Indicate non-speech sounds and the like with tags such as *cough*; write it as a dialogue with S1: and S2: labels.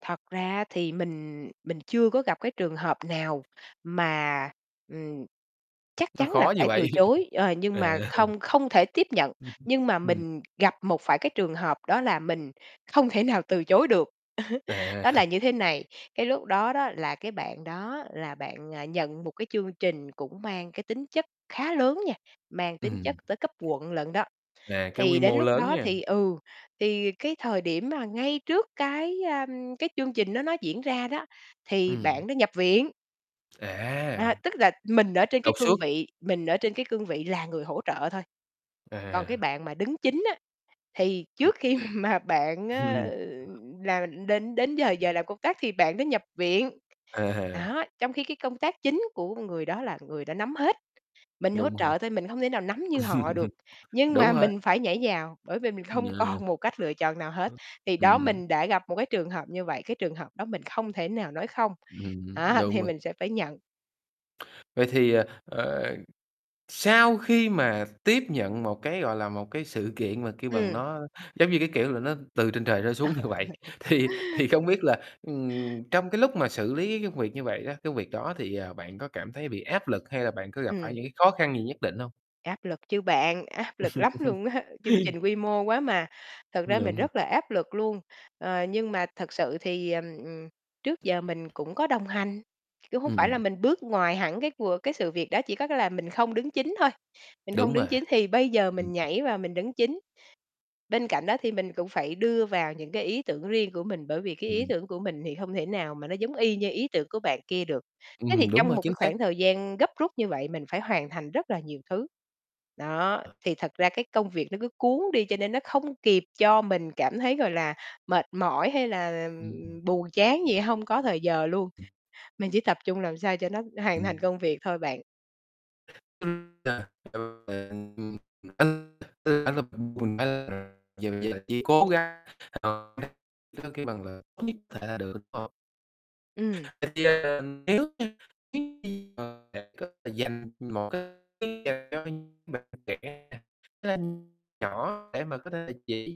S1: Thật ra á thì mình mình chưa có gặp cái trường hợp nào mà, ừm, chắc
S2: Nó
S1: chắn là
S2: khó như
S1: phải
S2: vậy.
S1: từ chối, ờ, nhưng
S2: À.
S1: mà không không thể tiếp nhận.
S2: Ưm hưm,
S1: Nhưng mà
S2: ừm.
S1: mình gặp một phải cái trường hợp đó là mình không thể nào từ chối được,
S2: À.
S1: *chuckles* đó là
S2: *chuckles*
S1: như thế này, cái lúc đó đó là cái bạn đó là bạn, à, nhận một cái chương trình cũng mang cái tính chất khá lớn nha, mang tính chất
S2: Ừm.
S1: tới cấp quận lận đó.
S2: À, cái quy
S1: Thì đến
S2: mô
S1: lúc
S2: lớn
S1: đó
S2: nha.
S1: thì, ừ, thì cái thời điểm mà ngay trước cái, a, cái chương trình đó nó diễn ra đó, thì
S2: Ừm.
S1: bạn đó nhập viện.
S2: À!
S1: À, tức là mình ở trên cái
S2: Đột
S1: cương
S2: xuất.
S1: vị mình ở trên cái cương vị là người hỗ trợ thôi. Còn cái
S2: À.
S1: bạn mà đứng chính á, thì trước khi mà bạn á
S2: *chuckles*
S1: là, ưm, đến đến giờ giờ làm công tác thì bạn đó nhập viện.
S2: À ha.
S1: Đó, trong khi cái công tác chính của người đó là người đó nắm hết, mình hỗ
S2: Đúng hông?
S1: trợ thôi, mình hông thể nào nắm như họ được,
S2: *laughs*
S1: nhưng
S2: Đúng
S1: mà
S2: rồi.
S1: mình phải nhảy vào, bởi vì mình
S2: Ừm,
S1: hông
S2: à.
S1: còn một cách lựa chọn nào hết. Thì đó
S2: Ừm, ưm.
S1: mình đã gặp một cái trường hợp như vậy, cái trường hợp đó mình không thể nào nói không,
S2: Ừm,
S1: đó
S2: đúng
S1: thì
S2: vậy.
S1: mình sẽ phải nhận.
S2: Vậy thì, ờ, ờ, sau khi mà tiếp nhận một cái, gọi là, một cái sự kiện mà, kêu bằng,
S1: Ừm.
S2: nó giống như, cái kiểu là, nó từ trên trời trở
S1: À.
S2: xuống như vậy,
S1: *chuckles*
S2: thì thì không biết là, ừm, trong cái lúc mà xử lý cái công việc như vậy đó, cái việc đó thì, à, bạn có cảm thấy bị áp lực hay là bạn có gặp phải
S1: Ừm.
S2: những cái khó khăn gì nhất định hông?
S1: Áp lực chứ bạn, áp lực lắm
S2: *laughs*
S1: luôn á, chương trình quy mô quá mà. Thật ra mình
S2: Đúng.
S1: rất là áp lực luôn, ờ, nhưng mà thật sự thì, ờ, ừm, trước giờ mình cũng có đồng hành, kiểu, hông phải
S2: Ừm.
S1: là mình bước ngoài hẳn cái cùa cái sự việc đó, chỉ có cái là mình không đứng chính thôi, mình hông
S2: Đúng
S1: đứng
S2: mà,
S1: chính thì bây giờ
S2: ừm.
S1: mình nhảy vào mình đứng chính. Bên cạnh đó thì mình cũng phải đưa vào những cái ý tưởng riêng của mình, bởi vì cái ý
S2: Ừm.
S1: tưởng của mình thì hông thể nào mà nó giống y như ý tưởng của bạn kia được. Thế
S2: Ừm,
S1: thì
S2: đúng
S1: trong
S2: rồi,
S1: một cái
S2: chính xác.
S1: khoảng thời gian gấp rút như vậy, mình phải hoàn thành rất là nhiều thứ. Đó, thì thật ra cái công việc nó cứ cuốn đi, cho nên nó không kịp cho mình cảm thấy, gọi là, mệt mỏi hay là là,
S2: Ưm, ừm.
S1: ừm, buồn chán gì, hông có thời giờ luôn. Mình chỉ tập trung làm sao cho nó hoàn thành
S2: Ừm.
S1: công việc thôi bạn.
S2: *unintelligible* Giờ chỉ cố gắng *unintelligible* người ta kêu bằng là *unintelligible* là được, đúng không?
S1: Ừm.
S2: *unintelligible* Dành một cái *unintelligible* cho những bạn trẻ *unintelligible* nhỏ để mà có thể là chỉ